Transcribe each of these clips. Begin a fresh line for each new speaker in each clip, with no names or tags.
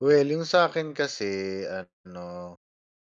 Well, yung sa akin kasi ano,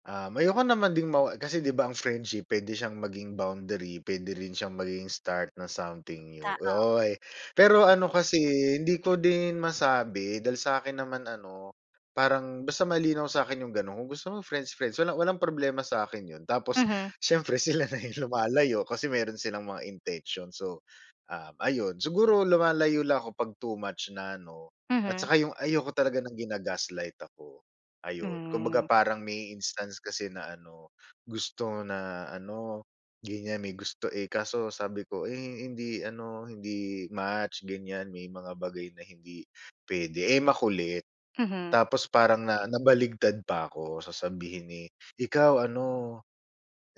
um, ayoko naman ding mawa kasi 'di ba ang friendship puwede siyang maging boundary, puwede rin siyang maging start ng something new,
Tao.
oy! Pero ano kasi, eh, hindi ko din masabi dahil sakin naman ano, parang basta malinaw sakin yung gano'n. Kung gusto mo friends friends, wala walang problema sakin yun. Tapos
Mhm.
siyempre sila na yung lumalayo, kasi meron silang mga intention so um, ayon. Siguro lumalayo lang ako pag too much na 'no, at
Mhm.
tsaka yung ayoko talaga ng gina-gaslight ako, ayon. Kumbaga
Hmm.
parang may instance kasi na ano, gusto na ano, ganyan, may gusto, eh, kaso sabi ko, "Eh hindi ano, hindi match," ganyan, "may mga bagay na hindi puwede." eh, makulit.
Mhm.
Tapos parang na nabaliktad pa ako sasabihin, eh, "Ikaw ano,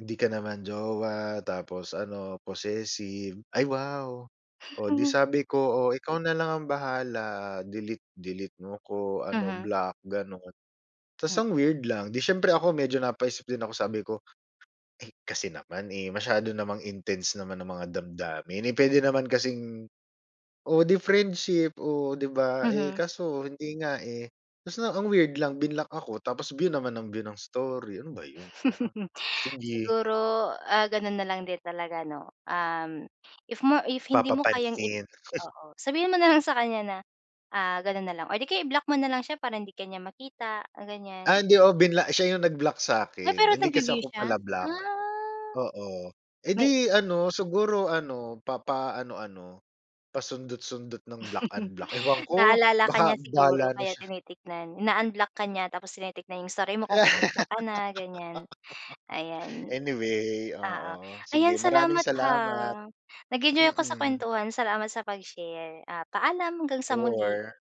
hindi ka naman jowa tapos ano, possessive," ay wow! Oh, 'di sabi ko, "Oh, ikaw na lang ang bahala, delete delete mo ko, ano
Mhm.
block." gano'n. Ta's
Hmm
ang weird lang, 'di siyempre ako medyo napaisip din ako, sabi ko, "Eh, kasi naman, eh, masyado namang intense naman ang mga damdamin, eh, puwede naman kasing oh, di friendship?" Oh, 'di ba, eh,
Mhm.
kaso hindi nga, eh. Basta, ang weird lang blinock ako, tapos view naman nang view ng story, ano ba yun? Gano'n, sige.
Siguro, ah, ganun na lang din talaga 'no? Um, if mo if hindi mo kayang i
Papapansin.
oo, sabihin mo na lang sa kanya na ah, ganun na lang or di kaya i-block mo na lang siya, para hindi ka niya makita, ganyan.
Ah, hindi ako binla siya yung nag-block
Ah,
sakin.
pero
Hindi kasi
nagbu-view
ako
siya?
pala-block.
Ah.
Oo, eh,
May
'di ano, siguro ano, papaano-ano, pasundot-sundot ng block, unblock. Ewan ko!
Naalala ka niya
Baka
siguro,
bahala na
kaya
siya!
tinitignan. Ina-unblock ka niya, tapos tinitignan yung story mo
Kaya
kung kumusta ka na, ganyan. Ayan.
Anyway,
Oo,
oo, sige,
ayan
maraming
salamat, ha.
salamat.
Nag-enjoy ako sa
Mm.
kuwentuhan, salamat sa pag-share. Ah, paalam, hanggang sa muli.
Sure.